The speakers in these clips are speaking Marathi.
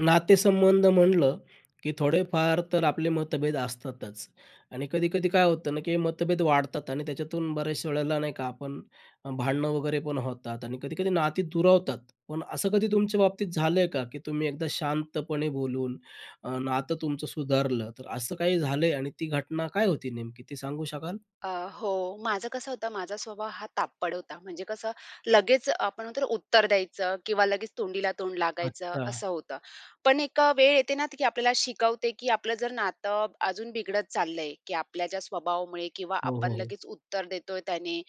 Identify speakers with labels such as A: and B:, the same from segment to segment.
A: नातेसंबंध म्हटलं की थोडेफार तर आपले मतभेद असतातच आणि कधी-कधी काय होतं ना की मतभेद वाढतात आणि त्याच्यातून बऱ्याच वेळेला नाही का, आपण अ, भांडणं वगैरे पण होतात आणि कधी-कधी नाती दुरावतात. पण असं कधी तुमच्या बाबतीत झालंय का की तुम्ही एकदा शांतपणे बोलून अ, नातं तुमचं सुधारलं. तर असं काही झालंय आणि ती घटना काय होती नेमकी ते सांगू शकाल?
B: अ, हो, माझं कसं होतं, माझा स्वभाव हा तापट होता. म्हणजे कसं लगेच, आपण म्हणतो ना, उत्तर द्यायचं किंवा लगेच तोंडीला तोंड लागायचं,
A: अच्छा.
B: असं होतं. पण एक अ, वेळ येते ना त की आपल्याला शिकवते की आपलं जर नातं अजून बिघडत चाललंय की आपल्या ज्या स्वभावामुळे किंवा
A: हो,
B: आपण
A: हो, हो.
B: लगेच उत्तर देतोय त्याने,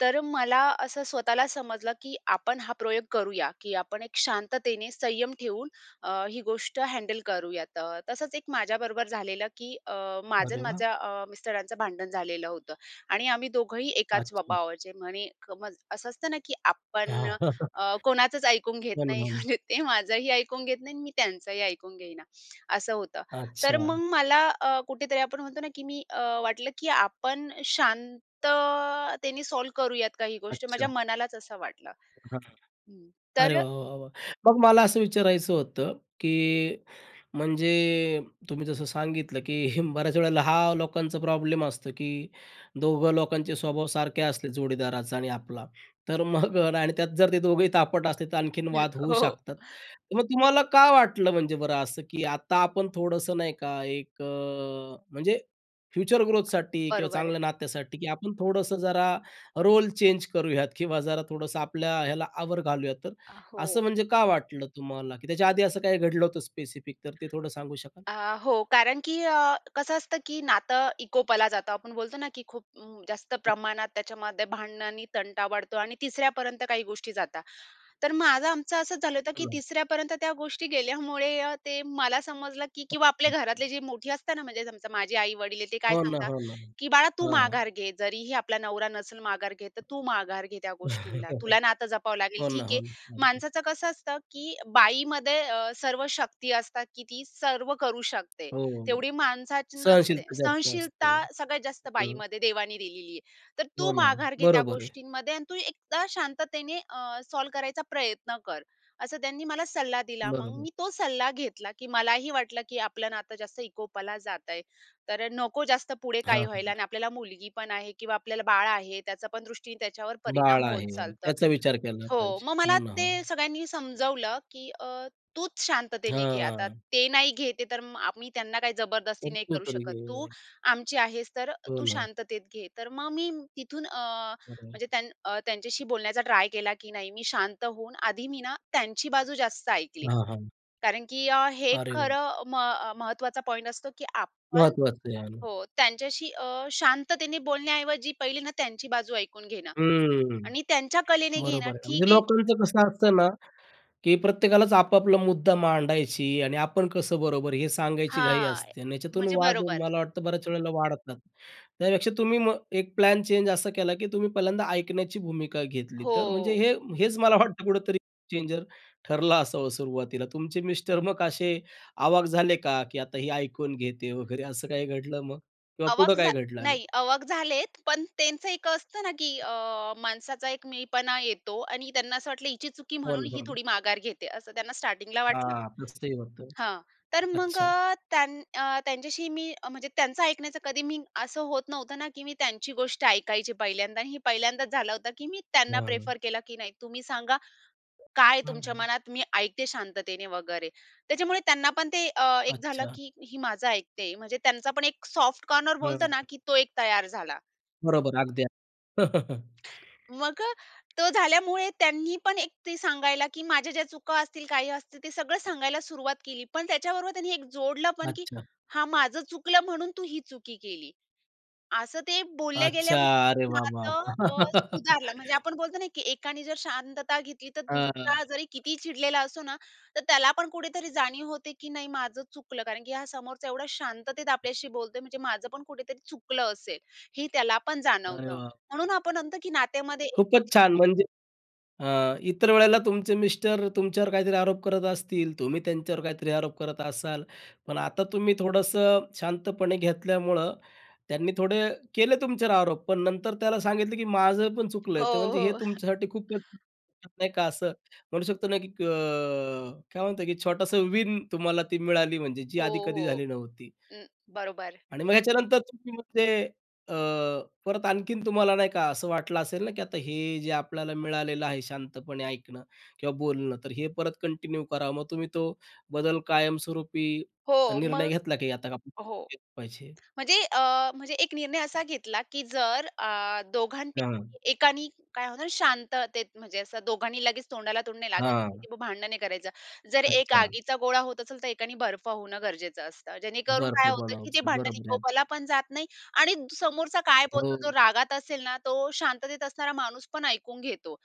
B: तर मला असं स्वतःला समजलं की आपण हा प्रयोग करूया की आपण एक शांततेने संयम ठेवून अ, ही गोष्ट हँडल करूयात. अ, तसंच एक माझ्याबरोबर झालेलं की अ, माझं
A: अरे
B: अन्
A: वाह!
B: माझ्या अ, मिस्टरांचं भांडण झालेलं होतं आणि आम्ही दोघंही एकाच
A: अच्छा.
B: स्वभावाचे म्हणे क म असं असतं ना की आपण
A: हां. हो
B: अ, कोणाचंच ऐकून घेत
A: ना,
B: नाही
A: हो ना.
B: म्हणजे ते माझंही ऐकून घेत नाही आणि मी त्यांचंही ऐकून घेईना. असं होतं. तर मग
A: अच्छा.
B: मला अ, कुठेतरी आपण म्हणतो ना की मी अ, वाटलं की आपण शांततेने सॉल्व्ह करूयात काही गोष्टी माझ्या
A: अच्छा.
B: मनालाच असं वाटलं.
A: हां.
B: हं.
A: अरे
B: तर अ
A: वाह, वाह, वाह! मग मला असं विचारायचं होतं की म्हणजे तुम्ही जसं सांगितलं की बऱ्याच वेळेला हा लोकांचा प्रॉब्लेम असतो की दोघं लोकांचे स्वभाव सारखे असले, जोडीदाराचा आणि आपला, तर मग अ, आणि त्यात जर ते दोघेही तापट असले, तर आणखीन
B: हं.
A: वाद होऊ
B: हो, हो.
A: शकतात. तर मग तुम्हाला का वाटलं म्हणजे बरं असं की आता आपण थोडंसं, नाही का, एक अ, म्हणजे फ्युचर ग्रोथसाठी किंवा
B: बरोबर आहे.
A: चांगल्या नात्यासाठी की आपण थोडंसं जरा रोल चेंज करूयात किंवा जरा थोडंसं आपल्या ह्याला आवर घा लूयात. तर
B: अ, हो.
A: असं म्हणजे का वाटलं तुम्हाला की त्याच्या आधी असं काही घडलं होतं स्पेसिफिक तर ते थोडं सांगू शकाल?
B: अ, हो. कारण की अ, कसं असतं की नातं विकोपाला जातं आपण बोलतो ना की खूप अं, जास्त
A: हं.
B: प्रमाणात त्याच्यामध्ये भांडणं आणि तंटा वाढतो आणि तिसऱ्यापर्यंत काही गोष्टी जातात. तर माझं, आमचं असंच झालं होतं की
A: हो ना.
B: तिसऱ्यापर्यंत त्या गोष्टी गेल्यामुळे अ, ते मला समजलं की किंवा आपले
A: अच्छा.
B: घरातले जे मोठी असतात ना म्हणजे समजा माझी आई-वडील आहे ते काय
A: हो ना,
B: सांगतात
A: हो ना.
B: की "बाळा तू
A: हां, हां.
B: माघार घे, जरीही आपला नवरा नसेल माघार घेत, तर तू माघार घे त्या गोष्टींना. तुला नातं जपावं लागेल,
A: हो ना,
B: ठीक
A: हो
B: आहे.
A: ना. अगदी.
B: माणसाचं कसं असतं की बाईमध्ये अ, सर्व शक्ती ती असतात की ती सर्व करू शकते,
A: हो.
B: तेवढी माणसाची नसते.
A: सहनशीलता जास्त असते.
B: सहनशीलता सगळ्यात जास्त
A: हं.
B: बाईमध्ये देवाने दिलेली आहे. तर तू
A: हो ना.
B: माघार घे त्या
A: बरोबर आहे.
B: गोष्टींमध्ये आणि तू एकदा शांततेने अ, सॉल्व्ह करायचा प्रयत्न कर." असं त्यांनी मला सल्ला दिला. मग
A: बरोबर.
B: मी तो सल्ला घेतला की मलाही वाटलं की आपलं नातं जास्त विकोपाला जातयं, तर अ, नको जास्त पुढे
A: हां,
B: काही
A: हां,
B: व्हायला आणि
A: हां.
B: आपल्याला मुलगी पण आहे किंवा आपल्याला बाळ आहे, त्याचा पण दृष्टीने त्याच्यावर
A: बाळ
B: परिणाम होत
A: आहे म्हणून.
B: चालतं
A: त्याचा विचार केला
B: हो,
A: पाहिजे.
B: मग
A: हो
B: मला
A: ना, हो
B: ते
A: ना.
B: सगळ्यांनी समजावलं की अ, "तूच शांततेने घेआता,
A: हां.
B: ते नाही घेत आहे तर म आम्ही त्यांना काही जबरदस्ती
A: तर
B: नाही
A: तू
B: करू
A: तर
B: शकत. तू
A: घे.
B: आमची आहेस, तर अ,
A: हो
B: तू
A: ना.
B: शांततेत घे." तर मग मी तिथून अ,
A: खरंय.
B: म्हणजे त्यां अ, त्यांच्याशी बोलण्याचा ट्राय केला, की नाही मी शांत होऊन आधी मी ना त्यांची बाजू जास्त ऐकली
A: हां, हां.
B: कारण की अ, हे
A: अरे वाह!
B: खरं म अ, महत्त्वाचा पॉइंट असतो की आपण
A: महत्वाचं आहे आणि.
B: हो. त्यांच्याशी अ, शांततेने बोलण्याऐवजी पहिले ना त्यांची बाजू ऐकून घेणं
A: हम्म.
B: आणि त्यांच्या कलेने घेणं
A: बरोबर आहे. म्हणजे
B: ठीक आहे क
A: लोकांचं कसं असतं ना की प्रत्येकालाच आपापला मुद्दा मांडायची आणि आपण कसं बरोबर हे सांगायची घाई
B: हां. ए
A: असते अन् याच्यातून
B: म्हणजे
A: वाद
B: बरोबर.
A: मला वाटतं बऱ्याच वेळेला वाढतात. त्यापेक्षा तुम्ही मग एक प्लॅन चेंज असा केला की तुम्ही पहिल्यांदा ऐकण्याची भूमिका घेतली. तर म्हणजे
B: हो.
A: हे हेच मला वाटतं कुठेतरी चेंजर ठरलं असावं सुरुवातीला. तुमचे मिस्टर मग असे आवाक झाले का की आता ही ऐकून घेते आहे वगैरे असं काही घडलं मग? किंवा पुढं
B: आवाक झा
A: काही घडलं आणि?
B: नाही, आवाक झाले आहेत, पण त्यांचं एक असतं ना की
A: हां.
B: अ, माणसाचा एक मीपणा येतो आणि त्यांना असं वाटलं हिची चुकी
A: हो
B: म्हणून
A: ना,
B: ही
A: हो ना.
B: थोडी माघार घेते. असं त्यांना स्टार्टिंगला वाटलं
A: हां, तसंही होतं.
B: हां. तर मग
A: अच्छा.
B: अ, त्यांन अ, त्यांच्याशी मी अ म्हणजे त्यांचं ऐकण्याचं कधी मी असं होत नव्हतं ना की मी त्यांची गोष्ट ऐकायची पहिल्यांदा आणि हे पहिल्यांदाच झालं होतं की मी त्यांना
A: हां.
B: प्रिफर केला की नाही तुम्ही सांगा काय
A: हां,
B: तुमच्या
A: हां.
B: मनात, मी ऐकते शांततेने वगैरे. त्याच्यामुळे त्यांना पण ते एक अ, झालं
A: अच्छा.
B: की हे माझं ऐकते म्हणजे त्यांचा पण एक सॉफ्ट कॉर्नर
A: हां,
B: बोलतो
A: हां.
B: ना की तो एक तयार झाला.
A: बरोबर. अगदी अगदी.
B: मग, तो झाल्यामुळे त्यांनी पण एक ते सांगायला की माझ्या ज्या चुका असतील, काही असतील ते सगळं सांगायला सुरुवात केली. पण त्याच्याबरोबर त्यांनी एक जोडलं पण की
A: अच्छा!
B: "हां. माझं चुकलं म्हणून तू ही चुकी केली." असं ते बोलल्या
A: अच्छा!
B: गेल्यामुळे
A: अरे वाह वाह.
B: नातं अ, सुधारलं. म्हणजे आपण बोलतो ना की एकाने जर शांतता घेतली तर
A: अ, हां, हां.
B: दुसरा जरी कितीही चिडलेला असो ना तर त्याला पण कुठेतरी जाणीव होते की नाही माझं चुकलं कारण की हा समोरचा एवढा शांततेत आपल्याशी
A: [unintelligible]
B: बोलतोय म्हणजे माझं पण कुठेतरी चुकलं असेल हे त्याला पण
A: अरे
B: जाणवतं. म्हणून
A: बापरे.
B: आपण म्हणतो की नात्यामध्ये
A: खूपच छान. म्हणजे अ, इतर वेळेला तुमचे मिस्टर तुमच्यावर काहीतरी आरोप करत असतील, तुम्ही त्यांच्यावर काहीतरी आरोप करत असाल. पण आता तुम्ही थोडंसं शांतपणे घेतल्यामुळं त्यांनी थोडे केले तुमच्यावर आरोप पण नंतर त्याला सांगितलं की माझं पण चुकलं
B: हो,
A: आहे, ते म्हणजे हे
B: हो.
A: तुमच्यासाठी खूप [unintelligible] नाही का असं म्हणू शकतो ना की अ, काय म्हणतात की छोटासा विन तुम्हाला ती मिळाली म्हणजे जी
B: हो,
A: आधी कधी
B: हो.
A: झाली नव्हती.
B: अ, बरोबर.
A: आणि मग याच्यानंतर तुम्ही मग ते अ, परत आणखीन तुम्हाला नाही का असं वाटलं असेल ना की आता हे जे आपल्याला मिळालेलं आहे शांतपणे ऐकणं किंवा बोलणं. तर हे परत कंटिन्यू करावं मग तुम्ही तो बदल कायमस्वरूपी
B: हो.
A: निर्णय
B: मग
A: घेतला की आता काय
B: हो.
A: केलं पाहिजे?
B: म्हणजे अ, म्हणजे एक निर्णय असा घेतला की जर अ, दोघांपैकी
A: हां.
B: एकाने काय होतं शांततेत म्हणजे असं दोघांनी लगेच तोंडाला तोंड लागायचं
A: हां.
B: की ते भांडणे करायचं जर एक
A: अच्छा.
B: आगीचा गोळा होत असेल तर एकाने बर्फ होणं गरजेचं असतं. जेणेकरून
A: बर्फ
B: काय होतं की ते
A: बनायचं.
B: भांडण
A: बरोबर आहे अगदी.
B: विकोपाला पण जात नाही आणि समोरचा काय बोलतो, जो
A: हो.
B: रागात असेल ना तो शांततेत असणारा माणूस पण ऐकून घेतो.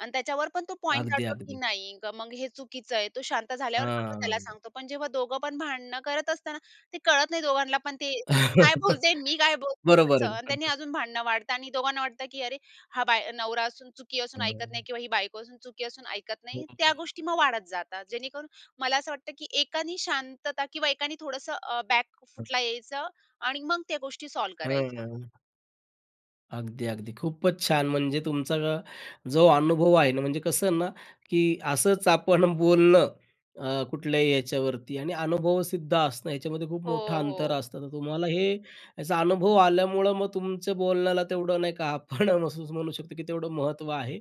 B: आणि त्याच्यावर पण तो पॉइंट
A: अगदी,
B: काढतो की
A: अगदी.
B: नाही मग हे चुकीचं आहे तो शांत झाल्यावर मग आपण त्याला
A: हां.
B: सांगतो. पण जेव्हा दोघं पण भांडणं करत असताना ते कळत नाही दोघांना पण ते काय बोलते मी काय बोलतो
A: बरोबर
B: असं
A: आहे ना
B: आणि त्यांनी
A: पद्धत.
B: अजून भांडणं वाढतं आणि दोघांना वाटतं की अरे! हा बाय नवरा असून चुकी असून ऐकत नाही
A: हां.
B: किंवा ही बायको असून चुकी असून ऐकत नाही.
A: हो,
B: त्या
A: हो.
B: गोष्टी मग वाढत जातात. जेणेकरून मला असं वाटतं की एकानी शांतता किंवा एकानी थोडंसं अ, बॅक फूटला यायचं आणि मग त्या गोष्टी सॉल्व्ह करायच्या.
A: हां. अगदी, अगदी. खूपच छान! म्हणजे तुमचा जो अनुभव आहे ना, म्हणजे कसं आहे ना, की असंच आपण बोलणं अ, कुठल्याही याच्यावरती आणि अनुभवसिद्ध असणं याच्यामध्ये खूप
B: हो,
A: मोठं अंतर
B: हो.
A: असतं. तर तुम्हाला हे याचा अनुभव आल्यामुळं मग तुमच्या बोलण्याला तेवढं नाही का, आपण असं म्हणू शकतो, की तेवढं महत्त्व आहे.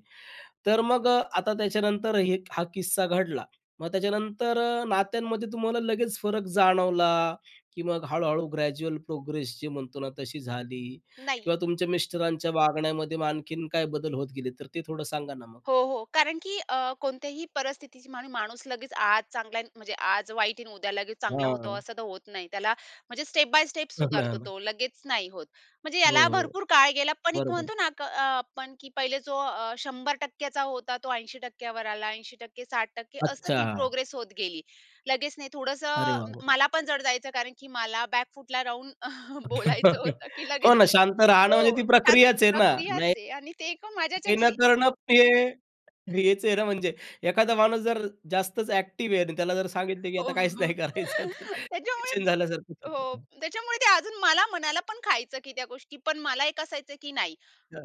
A: तर अ, मग आता त्याच्यानंतर हे हा किस्सा घडला. मग त्याच्यानंतर नात्यांमध्ये तुम्हाला लगेच फरक जाणवला, की मग हळूहळू ग्रॅज्युअल प्रोग्रेस जे म्हणतो ना तशी झाली
B: नाही.
A: किंवा तुमच्या मिस्टरांच्या वागण्यामध्ये मग आणखीन काय बदल होत गेले, तर ते थोडं सांगा ना मग?
B: हो, हो. कारण की अ, कोणत्याही परिस्थितीत माणूस लगेच आज चांगला, म्हणजे आज वाईट आहे, उद्या लगेच चांगला होतो
A: हां.
B: असं तर होत नाही. त्याला म्हणजे स्टेप बाय स्टेप
A: हो ना, हो
B: सुधारतो
A: ना.
B: तो, लगेच नाही होत. म्हणजे
A: हो,
B: याला
A: हो.
B: भरपूर काळ गेला, पण एक
A: बरोबर.
B: म्हणतो ना अ, आपण, की पहिले जो अ, 100% चा होता, तो 80% वर आला. 80% 60% अशी ती
A: अच्छा.
B: प्रोग्रेस होत गेली. लगेच नाही, थोडंसं
A: अरे, वाह!
B: अ,
A: वाह!
B: मला पण जड जायचं. कारण की मला बॅकफूटला राहून बोलायचं होतं, की
A: हो
B: लगेच
A: ना शांत राहणं म्हणजे ती
B: हो. छान
A: प्रक्रियाच आहे ना,
B: प्रक्रियाच
A: नाही
B: आहे आणि ते एका
A: काही न
B: माझ्याच्याने
A: करणं ते हेच आहे ना म्हणजे एखादा माणूस जर जास्तच ॲक्टिव्ह आहे आणि त्याला जर सांगितलं, की
B: हो,
A: आता काहीच
B: हो.
A: नाही करायचं तर
B: त्याच्यामुळे
A: पेशंट झाल्यासारखचं होतं
B: हो.
A: ना.
B: त्याच्यामुळे ते अजून मला मनाला पण खायचं, की त्या गोष्टीपण मला एक असायचं, की नाही.
A: अच्छा.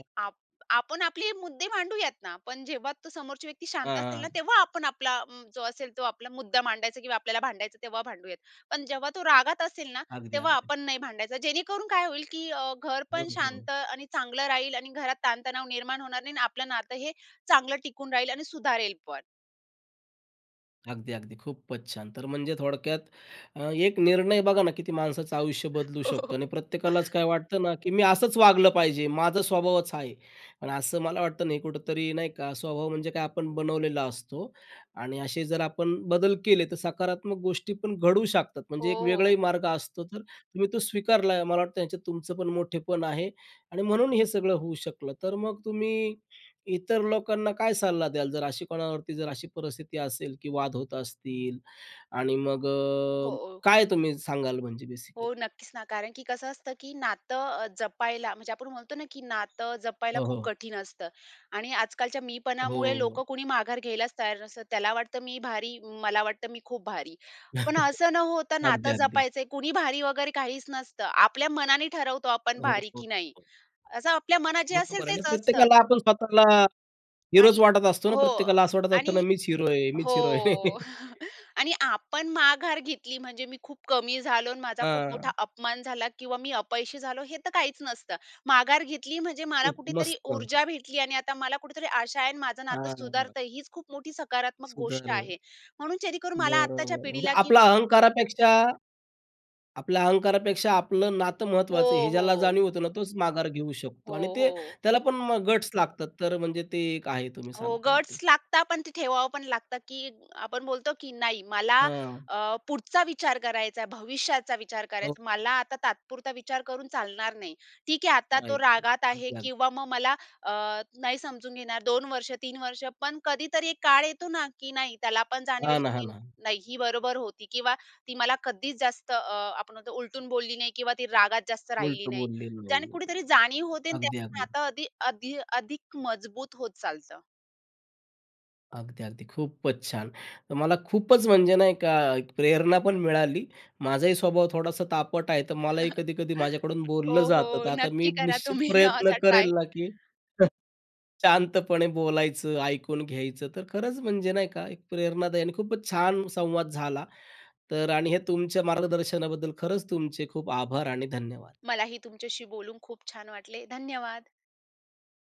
B: आपण आपले मुद्दे भांडूयात ना, पण जेव्हा तो समोरची व्यक्ती
A: हां,
B: शांत असेल ना,
A: हां.
B: तेव्हा आपण आपला जो असेल तो आपला मुद्दा मांडायचा किंवा आपल्याला भांडायचा तेव्हा भांडूयात. पण जेव्हा तो रागात असेल ना,
A: अगदी,
B: तेव्हा
A: अगदी.
B: आपण नाही भांडायचा. जेणेकरून काय होईल, की अ, घर
A: हं,
B: पण
A: हं.
B: शांत आणि चांगलं राहील आणि घरात ताण-तणाव निर्माण होणार नाही आणि आपलं नातं हे चांगलं टिकून राहील आणि सुधारेलपण.
A: अगदी, अगदी, खूपचं छान! तर म्हणजे थोडक्यात अ, 1 निर्णय बघा ना, किती माणसाचं आयुष्य बदलू
B: हो,
A: शकतो
B: हो
A: आणि प्रत्येकालाचं काय वाटतं ना, की मी असचं वागलं पाहिजे, माझा स्वभावचं हा आहे आणि असं मला वाटतं नाही कुठेतरी नाही का, स्वभाव म्हणजे काय? आपण बनवलेला असतो आणि असे जर आपण बदल केले तर सकारात्मक गोष्टी पण घडू शकतात.
B: हो,
A: म्हणजे एक
B: हो.
A: वेगळंही मार्ग असतो. तर तुम्ही तो स्वीकारला, मला वाटतं ह्याच्यात तुमचं पण मोठेपण आहे आणि म्हणून हे सगळं होऊ शकलं. तर मग तुम्ही इतर लोकांना काय सल्ला द्याल? जर अशी कोणावरती जर अशी परिस्थिती असेल, की वाद होत असतील आणि मग अ,
B: हो.
A: काय तुम्ही सांगाल म्हणजे
B: हो,
A: बेसिकली?
B: नक्कीचं ना. कारण की कसं असतं की नातं अ, जपायला म्हणजे आपण म्हणतो ना, की नातं जपायला
A: हो,
B: खूप
A: हो.
B: कठीण असतं आणि आजकालच्या मीपणामुळे
A: हो.
B: लोकं कुणी माघार घ्यायलाचं तयार नसतात. त्याला वाटतं मी भारी. मला वाटतं मी खूप भारी. पण असं न होतं
A: अगदी,
B: नातं
A: अगदी.
B: जपायचयं कुणी भारी वगैरे काहीचं नसतं. आपल्या मनाने ठरवतो, आपण
A: हो,
B: भारी
A: हो,
B: की नाही.
A: हो.
B: असं आपल्या मनात जे असेल
A: बरोबर आहे ना
B: तेचं असतं.
A: प्रत्येकाला आपण स्वतःला
B: आणि
A: हीरोचं वाटत असतो ना,
B: हो,
A: प्रत्येकाला असं वाटत असताना
B: आणि
A: मीचं हिरो आहे,
B: हो,
A: मीचं हिरो आहे.
B: आणि आपण माघार घेतली म्हणजे मी खूप कमी झालो अन् माझा खूप मोठा
A: हां.
B: अपमान झाला किंवा मी अपयशी झालो हे तर काहीचं नसतं. माघार घेतली म्हणजे मला
A: खूप
B: कुठेतरी
A: मस्त.
B: ऊर्जा भेटली आणि आता मला कुठेतरी आशा आहे अन् माझं
A: हां,
B: नातं
A: हां,
B: सुधारत
A: हां.
B: आहे, हीचं खूप मोठी सकारात्मक गोष्ट
A: सुधार आहे.
B: आहे. म्हणून जेणेकरून मला
A: बरं,
B: आत्ताच्या
A: बरं. म्हणजे
B: पिढीला की
A: आपला अहंकारापेक्षा आपला अहंकारापेक्षा आपलं नातं
B: हो,
A: महत्त्वाचं आहे, हे ज्याला
B: हो.
A: जाणीव होतं ना, तोच माघार घेऊ
B: हो,
A: शकतो आणि ते
B: हो.
A: त्याला पण मग गट्स लागतात तर म्हणजे ते एक आहे तुम्ही
B: हो.
A: सांगताय
B: गट्स
A: ते.
B: लागतात पण ते ठेवावं पण लागतं, की आपण बोलतो, की नाही मला
A: हां.
B: अ, पुढचा विचार करायचा आहे, भविष्याचा विचार
A: हो.
B: करायचा आहे. मला आता तात्पुरता विचार करून चालणार नाही. ठीक आहे आता तो
A: आहेत ते,
B: रागात आहे.
A: अगदी, अगदी.
B: किंवा मग मला अ, नाही समजून घेणार 2 वर्ष 3 वर्ष पण कधीतरी एक काळ येतो ना, की नाही, त्याला पण
A: हां
B: जाणवेल,
A: ना, हां
B: की
A: ना.
B: नाही, ही बरोबर होती किंवा ती मला कधीचं जास्त अ, आपण बोलतो उलटून बोलली नाही किंवा ती रागात जास्त राहिली
A: उलटं
B: नाही.
A: बोललेलं नाही
B: ज्याने
A: आहे.
B: कुठेतरी जाणीव होते आणि
A: अगदी,
B: त्यातून
A: अगदी.
B: नातं अधि अधि अधिक मजबूत होत चालतं.
A: अगदी, अगदी. खूपचं छान! तर मला खूपचं म्हणजे नाही का, एक प्रेरणा पण मिळाली. माझाही स्वभाव थोडासा तापट आहे. तर मलाही कधी-कधी माझ्याकडून बोललं
B: हो,
A: जातं. तर
B: हो.
A: आता मी
B: नक्की करा
A: निश्चित
B: तुम्ही
A: प्रयत्न
B: असा ट्राय.
A: करेल ना, की शांतपणे बोलायचं, ऐकून घ्यायचं तर खरंच म्हणजे नाही का? एक प्रेरणादायी आणि खूपचं छान संवाद झाला. तर आणि हे तुमच्या मार्गदर्शनाबद्दल खरचं तुमचे खूप आभार आणि धन्यवाद.
B: मलाही तुमच्याशी बोलून खूप छान वाटले, धन्यवाद.